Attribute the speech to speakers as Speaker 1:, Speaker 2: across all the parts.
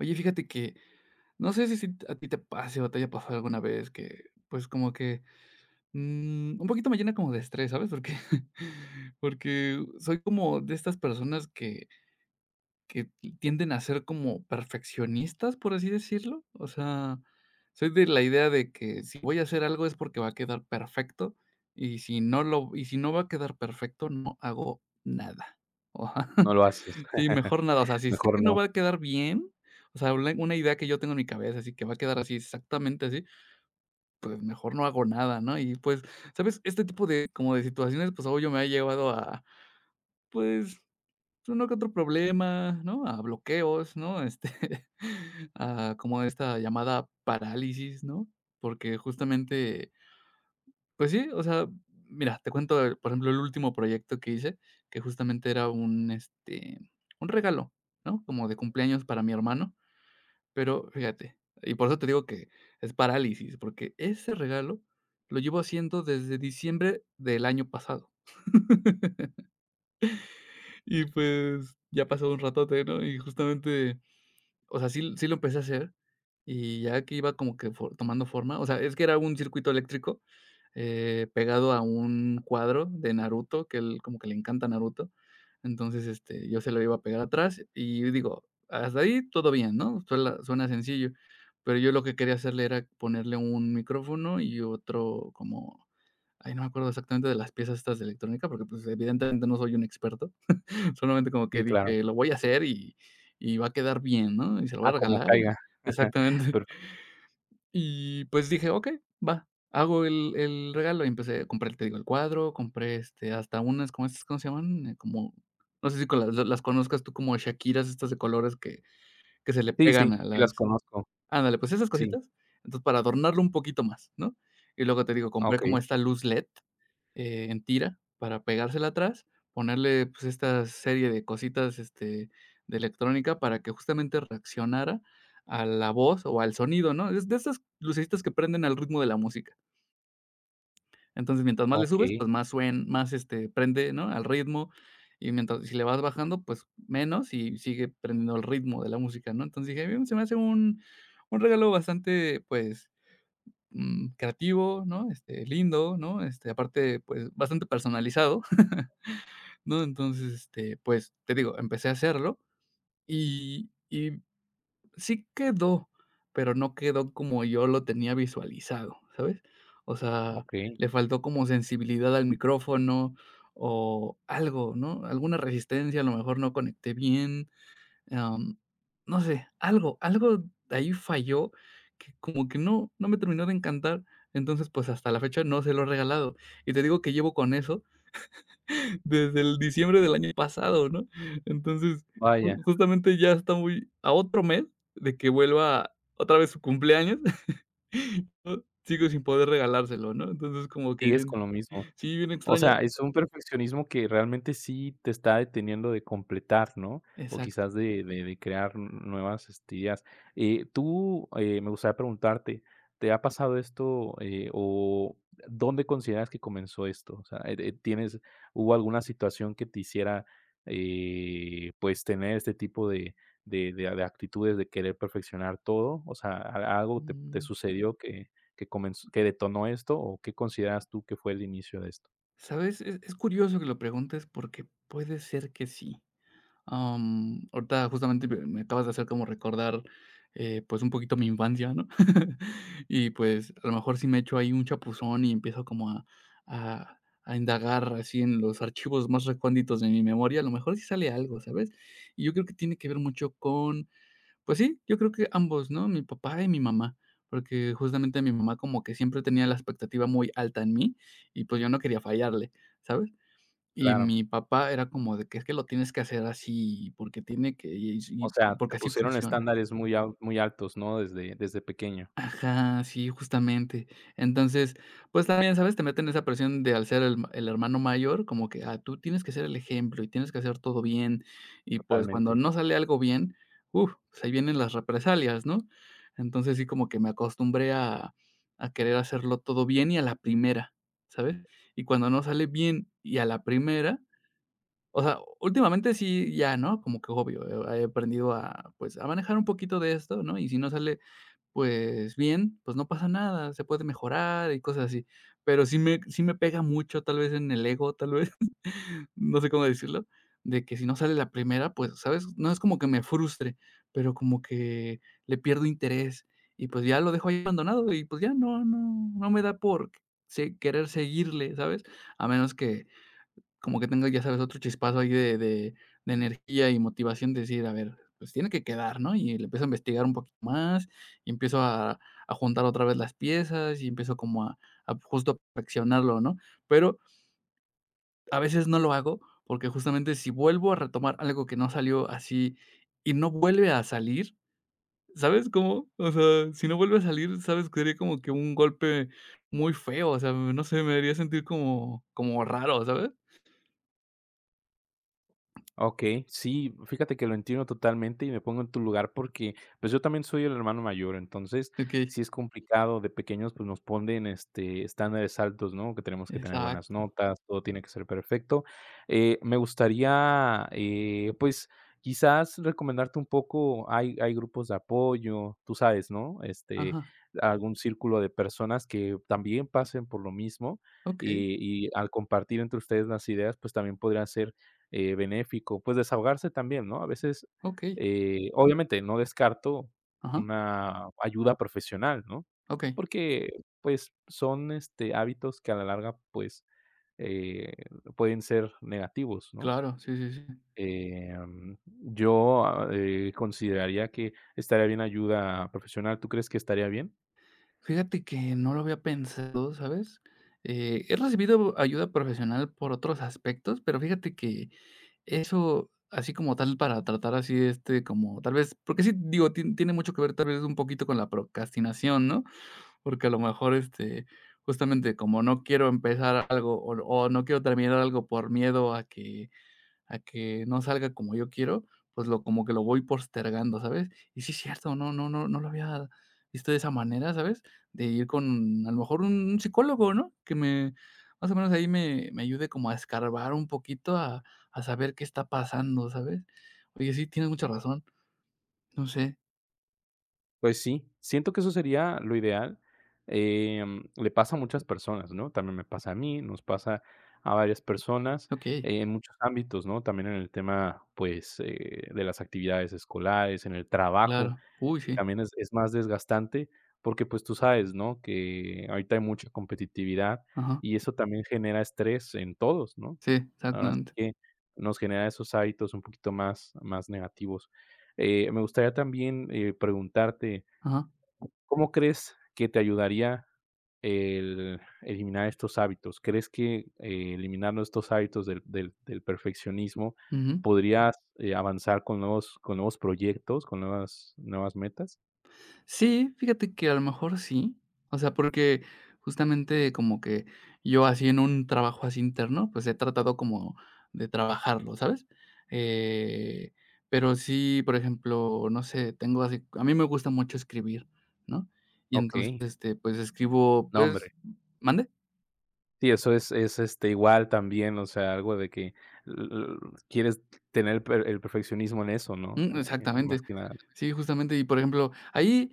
Speaker 1: Oye, fíjate que, no sé si si a ti te pase, o te haya pasado alguna vez que, pues, como que, mm, un poquito me llena como de estrés, ¿sabes?, porque porque soy como de estas personas que que tienden a ser como perfeccionistas, por así decirlo, o sea, soy de la idea de que, si voy a hacer algo es porque va a quedar perfecto, y si no lo y si no va a quedar perfecto, no hago nada, o ajá,
Speaker 2: No lo haces.
Speaker 1: sí, mejor nada, o sea, si sé que
Speaker 2: Mejor
Speaker 1: no
Speaker 2: no.
Speaker 1: va a quedar bien, o sea, una una idea que yo tengo, en mi cabeza, así que va a quedar así, exactamente así, pues, mejor no hago nada, ¿no?, y, pues, ¿sabes?, este tipo de, como de situaciones, pues, obvio, me ha llevado a, pues, uno que otro problema, ¿no?, a bloqueos, ¿no?, este, a como a esta llamada parálisis, ¿no?, porque, justamente, pues sí, o sea, mira, te cuento de, por ejemplo, el último proyecto que hice, que justamente era un, este, un regalo, ¿no?, como de cumpleaños para mi hermano. Pero fíjate y por eso te digo que es parálisis, porque ese regalo lo llevo haciendo desde diciembre, del año pasado. Y, pues, ya pasó un ratote, ¿no?, y justamente, o sea, sí sí lo empecé a hacer y ya que iba como que fo tomando forma, o sea, es que era un circuito eléctrico, eh, pegado a un cuadro de Naruto, que a él como que le encanta Naruto. Entonces, este, yo se lo iba a pegar atrás y, digo, hasta ahí todo bien, ¿no?, suela suena sencillo, pero yo lo que quería hacerle era ponerle un micrófono y otro como, ay, no me acuerdo exactamente de las piezas estas de electrónica porque, pues, evidentemente no soy un experto. Solamente como
Speaker 2: Sí,
Speaker 1: que
Speaker 2: claro.
Speaker 1: dije: "Lo voy a hacer, y y va a quedar bien, ¿no? Y se lo voy
Speaker 2: Ah,
Speaker 1: a
Speaker 2: como
Speaker 1: regalar y"
Speaker 2: caiga,
Speaker 1: exactamente.
Speaker 2: perfe
Speaker 1: Y, pues, dije: "Okey, va". Hago el el regalo, y empecé a comprar, te digo, el cuadro, compré, este, hasta unas como estas, ¿cómo se llaman? Como, no sé, si co las las conozcas tú como Chaquiras, estas de colores que que se le
Speaker 2: Sí,
Speaker 1: pegan
Speaker 2: sí.
Speaker 1: a
Speaker 2: Sí las
Speaker 1: las
Speaker 2: conozco.
Speaker 1: Ándale, pues, esas
Speaker 2: sí.
Speaker 1: cositas. Entonces, para adornarlo un poquito más, ¿no? Y luego, te digo,
Speaker 2: Ah,
Speaker 1: compré
Speaker 2: okey.
Speaker 1: como esta luz led, eh, en tira para pegársela atrás, ponerle, pues, esta serie de cositas, este, de electrónica para que, justamente, reaccionara a la voz o al sonido, ¿no?, es de esas lucecitas que prenden al ritmo de la música. Entonces, mientras más le subes,
Speaker 2: Okey.
Speaker 1: pues, más suen más, este, prende, ¿no?, al ritmo. Y mientras si le vas bajando, pues, menos, y sigue prendiendo el ritmo de la música, ¿no? Entonces dije: "Mm, se me hace un un regalo bastante, pues, mm, creativo, ¿no?, este, lindo, ¿no?, este, aparte, pues, bastante personalizado, ¿no? Entonces, este, pues, te digo, empecé a hacerlo, y y sí quedó, pero no quedó como yo lo tenía visualizado, ¿sabes?, o sea,
Speaker 2: Okey.
Speaker 1: le faltó como sensibilidad al micrófono o algo, ¿no?, alguna resistencia, a lo mejor, no conecté bien, am, no sé, algo, algo ahí falló que, como que no, no me terminó de encantar. Entonces, pues, hasta la fecha, no se lo he regalado. Y te digo que llevo con eso desde el diciembre del año pasado, ¿no? Entonces, ju
Speaker 2: Vaya.
Speaker 1: justamente ya está muy a otro mes de que vuelva, otra vez, su cumpleaños, ¿no? Sigo sin poder regalárselo, ¿no? Entonces es como que
Speaker 2: Sigues
Speaker 1: bien
Speaker 2: con lo mismo.
Speaker 1: sí, bien
Speaker 2: O
Speaker 1: extraño.
Speaker 2: sea, es un perfeccionismo que, realmente, sí te está deteniendo de completar, ¿no?, o
Speaker 1: Exacto.
Speaker 2: quizás de de de crear n nuevas, este, ideas, eh, tú, eh, me gustaría preguntarte, ¿te ha pasado esto? Eh, o dónde consideras que comenzó esto, o sea, eh eh, tienes hubo alguna situación que te hiciera, eh, pues, tener este tipo de de de a de actitudes, de querer perfeccionar todo, o sea, ¿a algo te te
Speaker 1: Mm.
Speaker 2: sucedió que que comenz que detonó esto, o qué consideras tú que fue el inicio de esto?
Speaker 1: ¿Sabes? Es es curioso que lo preguntes, porque puede ser que sí. Mm, ahorita justamente [unintelligible] me acabas de hacer como recordar, eh, pues, un poquito mi infancia, ¿no? Y pues, a lo mejor sí me echo ahí un chapuzón, y empiezo como a a a indagar así en los archivos más reconditos de mi memoria. A lo mejor sí sale algo, ¿sabes? Y yo creo que tiene que ver mucho con pues sí, yo creo que ambos, ¿no? Mi papá y mi mamá, porque, justamente, mi mamá como que siempre tenía la expectativa muy alta en mí, y pues, yo no quería fallarle, ¿sabes? Y
Speaker 2: Claro.
Speaker 1: mi papá era como de que es que lo tienes que hacer así porque tiene que
Speaker 2: O
Speaker 1: y
Speaker 2: sea, te
Speaker 1: porque así
Speaker 2: pusieron
Speaker 1: funciona.
Speaker 2: estándares muy al muy altos, ¿no?, desde desde pequeño.
Speaker 1: Ajá. Sí, justamente, entonces, pues, también, sabes, te meten esa presión de al ser el el hermano mayor como que: "¡Ah! tú tienes que ser el ejemplo, y tienes que hacer todo bien", y pues, cuando
Speaker 2: Totalmente.
Speaker 1: no sale algo bien, uf, ahí vienen las represalias, ¿no? Entonces, sí, como que me acostumbré a a querer hacerlo todo bien y a la primera, ¿sabes? Y cuando no sale bien, y a la primera. O sea, últimamente sí, ya no, como que obvio. He he aprendido a, pues, a manejar un poquito de esto, ¿no? Y si no sale. Pues, bien, pues, no pasa nada. se puede mejorar y cosas así, pero sí me sí me pega mucho. Tal vez en el ego, tal vez, no sé, cómo decirlo, de que si no sale la primera, pues, ¿sabes?, no es como que me frustre, pero como que le pierdo interés. Y pues ya lo dejo ahí abandonado, y pues, ya no no no me da por si querer seguirle, ¿sabes? A menos que como que tengo, ya sabes, otro chispazo ahí de de de energía, y motivación de decir: "A ver, pues tiene que quedar, ¿no?". Y le empiezo a investigar un poquito más, y empiezo a a juntar otra vez las piezas, y empiezo como a a justo perfeccionarlo, ¿no?, pero a veces no lo hago, porque, justamente, si vuelvo a retomar algo que no salió así, y no vuelve a salir. ¿Sabes cómo? O sea, si no vuelve a salir, sabes, que sería como que un golpe muy feo. O sea, no sé, me haría sentir como como raro, ¿sabes?
Speaker 2: Okey, sí, fíjate que, lo entiendo totalmente y me pongo en tu lugar, porque, pues, yo también soy el hermano mayor, entonces,
Speaker 1: Okey.
Speaker 2: si es complicado de pequeños, pues, nos ponen, este, estándares altos, ¿no?, que tenemos que tener buenas
Speaker 1: Exacto.
Speaker 2: notas, todo tiene que ser perfecto. Eh, me gustaría, eh, pues, quizás recomendarte un poco, hay hay grupos de apoyo, tú sabes, ¿no?, este,
Speaker 1: Ajá.
Speaker 2: algún círculo de personas que también pasen por lo mismo,
Speaker 1: Okey.
Speaker 2: y y al compartir entre ustedes las ideas, pues, también podría ser, eh, benéfico, pues, desahogarse también, ¿no?, a veces,
Speaker 1: Okey.
Speaker 2: eh, obviamente no descarto
Speaker 1: Ajá.
Speaker 2: una ayuda profesional, ¿no?,
Speaker 1: Okey.
Speaker 2: porque, pues, son, este, hábitos que a la larga, pues, eh, pueden ser negativos, ¿no?
Speaker 1: Claro, sí, sí, sí.
Speaker 2: Em, yo, ah eh, consideraría que estaría bien ayuda profesional, ¿tú crees que estaría bien?
Speaker 1: Fíjate que, no lo había pensado, ¿sabes?, eh he recibido ayuda profesional por otros aspectos, pero fíjate que, eso así como tal, para tratar así, este, como tal vez porque sí, digo, ti tiene mucho que ver, tal vez, un poquito con la procrastinación, ¿no?, porque a lo mejor, este, justamente, como no quiero empezar algo o o no quiero terminar algo por miedo a que a que no salga como yo quiero, pues, lo como que, lo voy postergando, ¿sabes?, y sí, es cierto, no no no no lo había visto de esa manera, ¿sabes?, de ir con, a lo mejor, un psicólogo, ¿no?, que me más o menos ahí me me ayude como a escarbar un poquito, a a saber qué está pasando, ¿sabes?, oye, sí, tienes mucha razón, no sé.
Speaker 2: Pues sí, siento que eso sería lo ideal, em, le pasa a muchas personas, ¿no? También me pasa a mí. Nos pasa a varias personas
Speaker 1: Okey.
Speaker 2: en muchos ámbitos, ¿no? También en el tema, pues, eh, de las actividades escolares, en el trabajo,
Speaker 1: Claro. Uy, sí.
Speaker 2: también es es más desgastante, porque pues tú sabes, ¿no? Que ahorita hay mucha competitividad
Speaker 1: Ajá.
Speaker 2: y eso también genera estrés en todos, ¿no?
Speaker 1: Sí,
Speaker 2: Así
Speaker 1: exactamente.
Speaker 2: que nos genera esos hábitos un poquito más, más negativos, eh, me gustaría también, eh, preguntarte.
Speaker 1: Ajá.
Speaker 2: ¿Cómo crees que te ayudaría el eliminar estos hábitos? ¿Crees que eliminando estos hábitos del del del perfeccionismo
Speaker 1: Ujú.
Speaker 2: podrías, eh, avanzar con nuevos con nuevos proyectos, con nuevas nuevas metas?
Speaker 1: Sí, fíjate que a lo mejor sí. O sea, porque, justamente, como que yo así en un trabajo así interno, pues, he tratado como de trabajarlo, ¿sabes?, eh, pero sí, por ejemplo, no sé, tengo así c A mí me gusta mucho escribir, ¿no? Y entonces,
Speaker 2: Okey.
Speaker 1: este pues, escribo,
Speaker 2: No, hombre.
Speaker 1: pues ¿Mande?
Speaker 2: Sí, eso es es, este, igual también. O sea, algo de que l l l quieres tener el per el perfeccionismo en eso, ¿no?
Speaker 1: Mm.
Speaker 2: Más
Speaker 1: Exactamente.
Speaker 2: que nada.
Speaker 1: Sí, justamente. Y por ejemplo, ahí,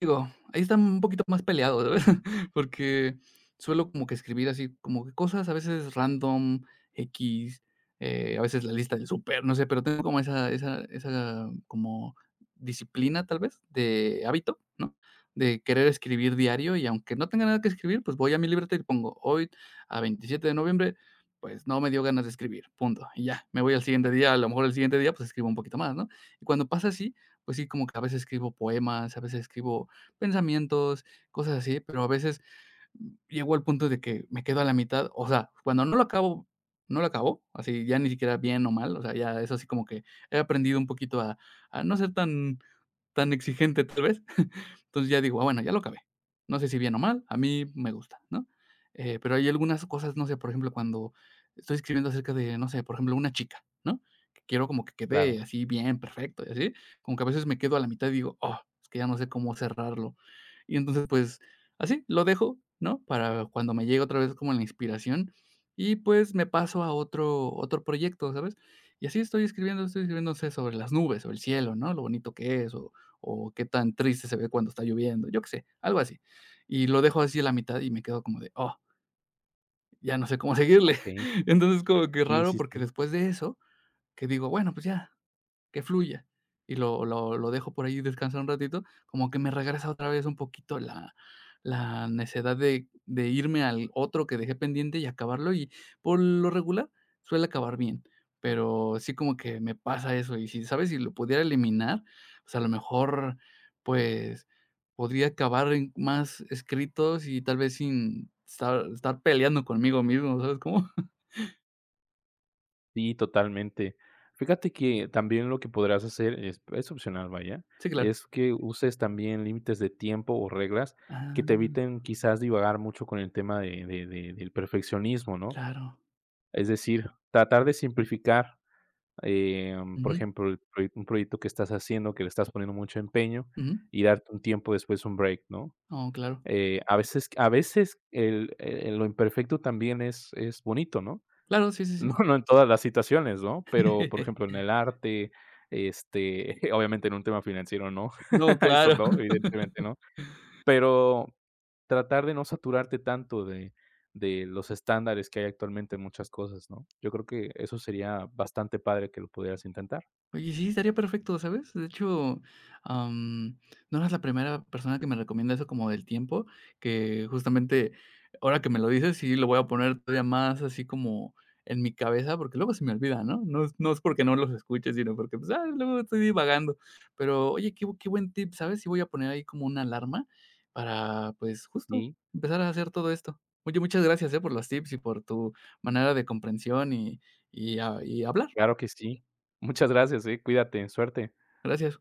Speaker 1: digo, ahí están un poquito más peleados, porque suelo como que escribir así como cosas a veces random, equis, eh, a veces la lista del súper, no sé, pero tengo como esa esa esa como disciplina, ¿tal vez?, de hábito, ¿no? De querer escribir diario, y aunque no tenga nada que escribir, pues, voy a mi libreta y pongo hoy a 27 de noviembre, pues, no me dio ganas de escribir punto, y ya. Me voy al siguiente día, a lo mejor el siguiente día, pues, escribo un poquito más, ¿no? Y cuando pasa así, pues sí, como que a veces escribo poemas. A veces escribo pensamientos, cosas así, pero a veces llego al punto de que me quedo a la mitad, o sea, cuando no lo acabo, no lo acabo, así ya ni siquiera bien o mal. O sea, ya es así como que he aprendido un poquito a a no ser tan tan exigente, ¿tal vez? Entonces ya digo: "Ah, bueno, ya lo acabé". No sé si bien o mal. A mí me gusta, ¿no?, eh, pero hay algunas cosas, no sé, por ejemplo, cuando estoy escribiendo acerca de no sé, por ejemplo, una chica, ¿no? Quiero como que
Speaker 2: Claro.
Speaker 1: quede así bien, perfecto y así, como que a veces me quedo a la mitad y digo: "¡oh!, es que ya no sé cómo cerrarlo". Y entonces pues así lo dejo, ¿no? Para cuando me llegue otra vez como la inspiración, y pues me paso a otro otro proyecto, ¿sabes? Y así estoy escribiendo, estoy escribiendo no sé sobre las nubes o el cielo, ¿no?, lo bonito que es, o o qué tan triste se ve cuando está lloviendo. Yo qué sé. Algo así, y lo dejo así a la mitad, y me quedo como de ¡oh! Ya no sé cómo seguirle.
Speaker 2: Okey.
Speaker 1: Entonces como que
Speaker 2: Sí,
Speaker 1: raro,
Speaker 2: sí,
Speaker 1: porque
Speaker 2: sí.
Speaker 1: después de eso que digo: "bueno, pues ya que fluya" y lo lo lo dejo por ahí descansar un ratito como que me regresa otra vez un poquito la la necedad de de irme al otro que dejé pendiente y acabarlo, y por lo regular suele acabar bien, pero sí como que me pasa eso. Y si sabes si lo pudiera eliminar, pues, a lo mejor, pues, podría acabar en más escritos, y tal vez sin estar estar peleando conmigo mismo. ¿Sabes cómo?
Speaker 2: Sí, totalmente. Fíjate que también lo que podrías hacer, es es opcional, vaya,
Speaker 1: Sí, claro.
Speaker 2: es que uses también límites de tiempo, o reglas que te
Speaker 1: Ah.
Speaker 2: eviten, quizás, divagar mucho con el tema de de de del perfeccionismo, ¿no?,
Speaker 1: Claro.
Speaker 2: es decir, tratar de simplificar, eh por
Speaker 1: Ujú.
Speaker 2: ejemplo, el pro un proyecto que estás haciendo, que le estás poniendo mucho empeño,
Speaker 1: Ujú.
Speaker 2: y darte un tiempo después, un break, ¿no?
Speaker 1: Ah, claro.
Speaker 2: Eh a veces a veces el el lo imperfecto también es es bonito, ¿no?,
Speaker 1: Claro. Sí, sí,
Speaker 2: no,
Speaker 1: sí.
Speaker 2: no en todas las situaciones, ¿no?, pero, por ejemplo, en el arte, este, obviamente en un tema financiero, no,
Speaker 1: No,
Speaker 2: eso
Speaker 1: claro.
Speaker 2: no, evidentemente no, pero tratar de no saturarte tanto de de los estándares que hay actualmente en muchas cosas, ¿no? Yo creo que eso sería bastante padre que lo pudieras intentar.
Speaker 1: Oye, sí, estaría perfecto, ¿sabes?, de hecho, am, no eres la primera persona que me recomienda eso como del tiempo, que, justamente, ahora que me lo dices si lo voy a poner todavía más así como, en mi cabeza, porque luego se me olvida, ¿no?, no es no es, porque no los escuche, sino, porque, pues, ya, luego estoy divagando, pero oye, qué qué buen tip, ¿sabes? Sí voy a poner ahí como una alarma para, pues, justo
Speaker 2: Sí.
Speaker 1: empezar a hacer todo esto. Oye, muchas gracias, eh, por los tips y por tu manera de comprensión, y y a y hablar.
Speaker 2: Claro que sí. Muchas gracias, eh, cuídate. Suerte.
Speaker 1: Gracias.